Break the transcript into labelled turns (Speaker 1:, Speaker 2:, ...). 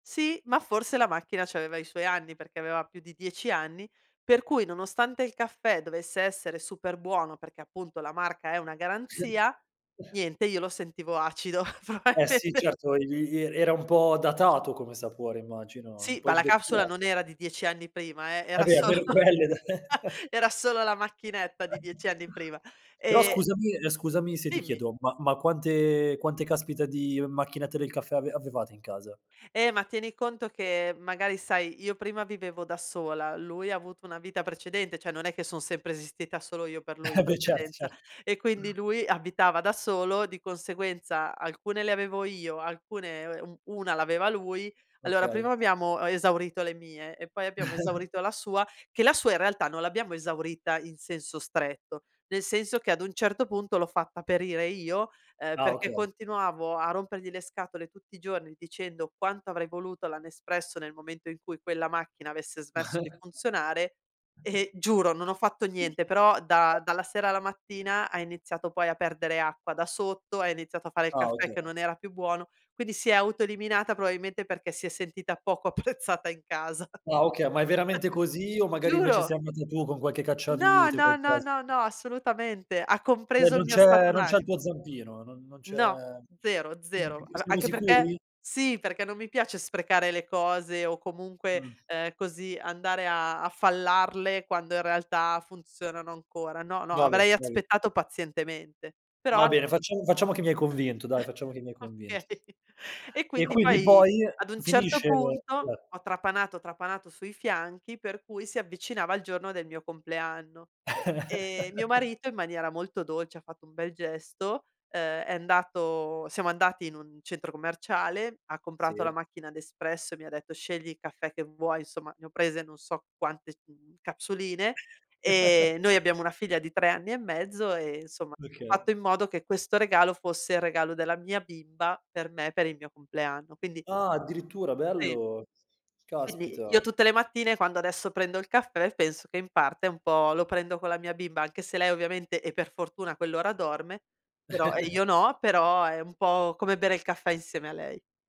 Speaker 1: Sì, ma forse la macchina c'aveva i suoi anni perché aveva più di 10 anni, per cui nonostante il caffè dovesse essere super buono perché appunto la marca è una garanzia, niente io lo sentivo acido,
Speaker 2: Eh sì,
Speaker 1: probabilmente
Speaker 2: certo, i i e era un po' datato come sapore, immagino, un
Speaker 1: Sì,
Speaker 2: po'
Speaker 1: ma la capsula non
Speaker 2: invecchiato.
Speaker 1: era di 10 anni prima eh,
Speaker 2: E
Speaker 1: era
Speaker 2: beh
Speaker 1: solo
Speaker 2: almeno quelle da
Speaker 1: era solo la macchinetta di 10 anni prima.
Speaker 2: Però
Speaker 1: E
Speaker 2: scusami ehm, scusami se ti
Speaker 1: Dimmi.
Speaker 2: chiedo, ma ma quante quante caspita di macchinette del caffè ave avevate in casa?
Speaker 1: Eh ma tieni conto che magari sai, io prima vivevo da sola, lui ha avuto una vita precedente, cioè, non è che son sempre esistita solo io per lui in
Speaker 2: Eh, beh, cert
Speaker 1: precedenza.
Speaker 2: cert
Speaker 1: E quindi lui abitava da solo, di conseguenza alcune le avevo io, alcune u 1 l'aveva lui, allora
Speaker 2: Okay.
Speaker 1: prima abbiamo esaurito le mie e poi abbiamo esaurito la sua. Che la sua in realtà non l'abbiamo esaurita in senso stretto. Nel senso che ad un certo punto l'ho fatta perire io, ehm,
Speaker 2: Ah
Speaker 1: perché
Speaker 2: okay.
Speaker 1: continuavo a rompergli le scatole tutti i giorni dicendo quanto avrei voluto la Nespresso nel momento in cui quella macchina avesse smesso di funzionare e, giuro non ho fatto niente, però da
Speaker 2: [unintelligible]
Speaker 1: dalla sera alla mattina ha iniziato poi a perdere acqua da sotto, ha iniziato a fare il
Speaker 2: Ah
Speaker 1: caffè
Speaker 2: okay.
Speaker 1: che non era più buono, quindi si è autoeliminata probabilmente perché si è sentita poco apprezzata in casa.
Speaker 2: Ah okay, ma è veramente così o magari invece
Speaker 1: Giuro!
Speaker 2: sei andata tu con qualche
Speaker 1: No,
Speaker 2: cacciavite o
Speaker 1: no, no,
Speaker 2: qualcosa?
Speaker 1: no, no assolutamente. Ha
Speaker 2: Cioé,
Speaker 1: compreso il
Speaker 2: non
Speaker 1: mio
Speaker 2: c'è
Speaker 1: stato
Speaker 2: non c'è il
Speaker 1: d'animo.
Speaker 2: tuo zampino, n non c'è
Speaker 1: No, zero, zero.
Speaker 2: siamo si
Speaker 1: A
Speaker 2: siamo
Speaker 1: anche perché
Speaker 2: sicuri?
Speaker 1: sì, perché non mi piace sprecare le cose o comunque,
Speaker 2: Mh.
Speaker 1: ehm, così andare a fallarle quando in realtà funzionano ancora. No, no,
Speaker 2: Vabbè,
Speaker 1: avrei
Speaker 2: vabbè.
Speaker 1: aspettato pazientemente. Però
Speaker 2: Va
Speaker 1: an
Speaker 2: bene, facciamo facciamo che mi hai convinto, dai, facciamo che mi hai convinto.
Speaker 1: Okay. E
Speaker 2: E
Speaker 1: quindi
Speaker 2: quindi
Speaker 1: poi
Speaker 2: poi
Speaker 1: ad un certo
Speaker 2: finisce l
Speaker 1: punto ho trapanato ho trapanato sui fianchi per cui si avvicinava il giorno del mio compleanno. E mio marito in maniera molto dolce ha fatto un bel gesto, ehm, è andato siamo andati in un centro commerciale, ha comprato la
Speaker 2: Sì.
Speaker 1: macchina Nespresso e mi ha detto: "Scegli il caffè che vuoi." Insomma, ne ho prese non so quante, mhmm, capsuline e noi abbiamo una figlia di 3 anni e mezzo e insomma
Speaker 2: D
Speaker 1: ha
Speaker 2: Oka
Speaker 1: fatto in modo che questo regalo fosse il regalo della mia bimba per me, per il mio compleanno. Quindi
Speaker 2: Ah, addirittura
Speaker 1: Sì.
Speaker 2: bello!
Speaker 1: Quindi
Speaker 2: Caspita!
Speaker 1: io tutte le mattine quando adesso prendo il caffè penso che in parte un po' lo prendo con la mia bimba, anche se lei ovviamente e per fortuna a quell'ora dorme, però io no, però è un po' come bere il caffè insieme a lei.